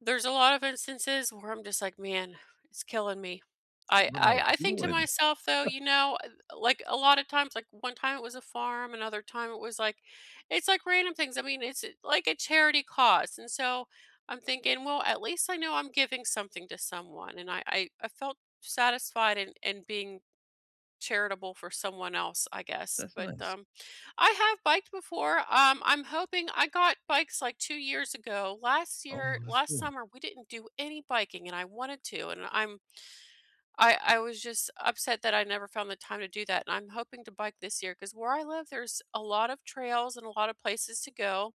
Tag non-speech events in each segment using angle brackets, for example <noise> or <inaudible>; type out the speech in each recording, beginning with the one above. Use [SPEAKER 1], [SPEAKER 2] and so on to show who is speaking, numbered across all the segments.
[SPEAKER 1] There's a lot of instances where I'm just, like, "Man, it's killing me," I
[SPEAKER 2] "What am I
[SPEAKER 1] I I think to
[SPEAKER 2] doing?"
[SPEAKER 1] myself, though,
[SPEAKER 2] <chuckles>
[SPEAKER 1] you know, at like, a lot of times, like, one time it was a farm, another time it was, like, it's, like, random things, I mean, it's a like, a charity cause, and so, I'm thinking, "Well, at least I know I'm giving something to someone," and I I I felt satisfied in in being charitable for someone else, I guess,
[SPEAKER 2] That's
[SPEAKER 1] but,
[SPEAKER 2] nice.
[SPEAKER 1] um I have biked before, um, I'm hoping I got bikes, like, 2 years ago, last
[SPEAKER 2] Oh,
[SPEAKER 1] year
[SPEAKER 2] that's
[SPEAKER 1] last
[SPEAKER 2] cool.
[SPEAKER 1] summer, we didn't do any biking, and I wanted to, and I'm I I was just upset that I never found the time to do that, and I'm hoping to bike this year, 'cause where I live, there's a lot of trails and a lot of places to go.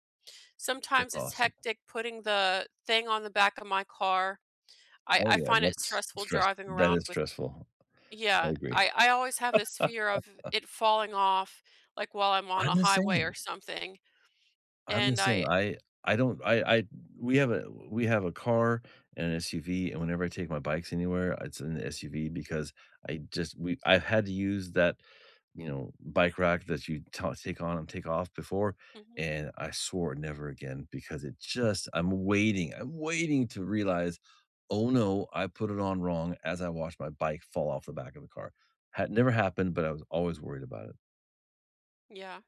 [SPEAKER 2] That's
[SPEAKER 1] Sometimes it's
[SPEAKER 2] awesome.
[SPEAKER 1] hectic putting the thing on the back of my car. I
[SPEAKER 2] Oh,
[SPEAKER 1] I
[SPEAKER 2] yeah,
[SPEAKER 1] find it
[SPEAKER 2] that's
[SPEAKER 1] stressful
[SPEAKER 2] stress
[SPEAKER 1] driving
[SPEAKER 2] that
[SPEAKER 1] around
[SPEAKER 2] is
[SPEAKER 1] with
[SPEAKER 2] stressful, I
[SPEAKER 1] Yeah,
[SPEAKER 2] agree.
[SPEAKER 1] I I always have this fear of
[SPEAKER 2] <laughs>
[SPEAKER 1] it falling off, like, while I'm on a
[SPEAKER 2] I'm the
[SPEAKER 1] highway or
[SPEAKER 2] same.
[SPEAKER 1] something,
[SPEAKER 2] I'm the
[SPEAKER 1] and
[SPEAKER 2] same,
[SPEAKER 1] I
[SPEAKER 2] I I don't I I d we have a we have a car and SUV, and whenever I take my bikes anywhere, it's an SUV, because I just we I had to use that, you know, bike rack that you ta take on and take off before,
[SPEAKER 1] Mhm.
[SPEAKER 2] and I swore never again, because it just I'm waiting, I'm waiting to realize, "Oh, no, I put it on wrong." as I watched my bike fall off the back of the car, ha never happened, but I was always worried about it.
[SPEAKER 1] Yeah,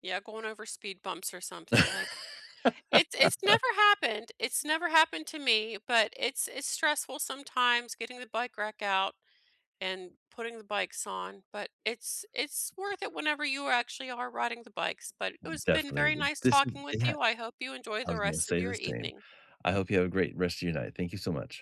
[SPEAKER 1] yeah, going over speed bumps or something, like it's it's
[SPEAKER 2] <laughs>
[SPEAKER 1] never happened it's never happened to me, but it's it's stressful sometimes getting the bike rack out, and putting the bikes on, but it's it's worth it whenever you actually are riding the bikes, but it has been very
[SPEAKER 2] Definitely,
[SPEAKER 1] nice
[SPEAKER 2] this is
[SPEAKER 1] talking with
[SPEAKER 2] yeah,
[SPEAKER 1] you, I
[SPEAKER 2] I
[SPEAKER 1] hope you enjoy
[SPEAKER 2] I
[SPEAKER 1] the
[SPEAKER 2] was gonna
[SPEAKER 1] rest of
[SPEAKER 2] say
[SPEAKER 1] your
[SPEAKER 2] the same.
[SPEAKER 1] evening.
[SPEAKER 2] I hope you have a great rest of your night, thank you so much.